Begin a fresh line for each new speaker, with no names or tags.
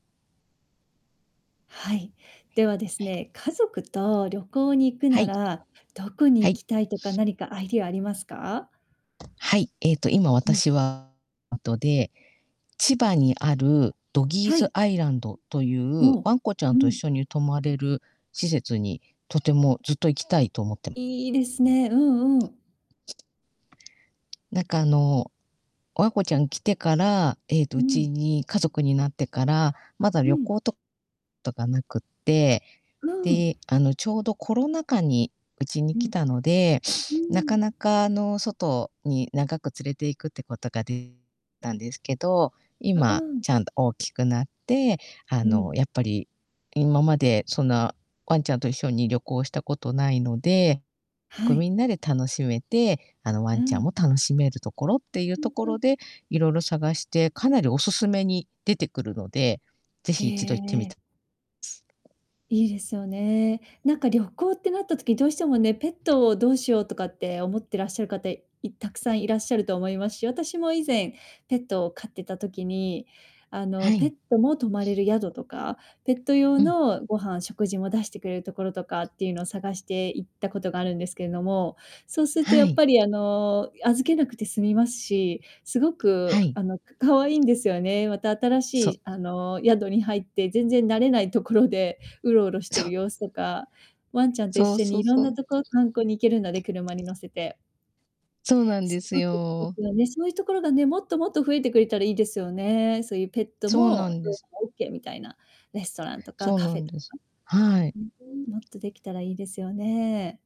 はい。
は
では、です
い。
ね、家族と旅行に行く
は
な
い。
ら、どこに
は
行
い。
きたいとか何かアイディアありますか？
はい、えっと、今
うん。
私はあとでで、千葉にあるドギー
は
ズ
い。
アイランドという
ほお。
わんこちゃ
う
んと一
ん。
緒に泊まれる施設に、とてもずっと行きたいと思ってま
いいですね。うんうん。
なんか、あの、ワンコちゃん来てから、えっと、
う
うち
ん。
に家族になってから、まだ
う
旅
ん。
行ととがなくって、
うん。
で、あの、ちょうどコロナ禍にうちに
うん。
来たので、
うー
なか
ん。
なか、あの、外に長く連れて行くってことがでたんですけど、
あ、う
今
ん。
ちゃんと大きくなって、あ
うん。
の、やっぱり、今まで、そんな、ワンちゃんと一緒に旅行したことないので。
は
こう、み
い。
んなで楽しめて、あの、ワ
うー
ンちゃん
ん。
も楽しめるところっていう
う
と
ん
こ
う
ろ
ん。
でいろいろ探して、かなりオススメに出てくるので、ぜ
へ
ひ一度行ってみ
え。
たす。
いいですよね。なんか、旅行ってなった時、どうしてもね、ペットをどうしようとかって思ってらっしゃる方、いたくさんいらっしゃると思いますし、私も以前、ペットを飼ってた時に、あの、
は
ペ
い。
ットも泊まれる宿とか、ペット
う
用
ん。
のご飯、食事も出してくれるところとかっていうの、探して行ったことがあるんですけれども、そうすると、
は
やっ
い。
ぱり、あの、い預けなくて済みますし、すごく、
はい。
あの、か可愛いんですよね。また、新し
そう。
い、あの、宿に入って、全然慣れないところで、うろうろして
そ
る
う。
様子とか、ワンちゃんと一
そう
緒
そ
に
う
いろん
そ
な
う。
とこ、観光に行けるので、車に乗せて。
そうなんです
そうですで
よ。
すよね、そういうところがね、もっともっと増えてくれたらいいですよね。そういうペット
そうな
も
ん
[unintelligible]
です。
オッケーみたいなレストランとか
そう
カ
な
フェ
ん
と
です。
か
はい。
うーん、もっとできたらいいですよね。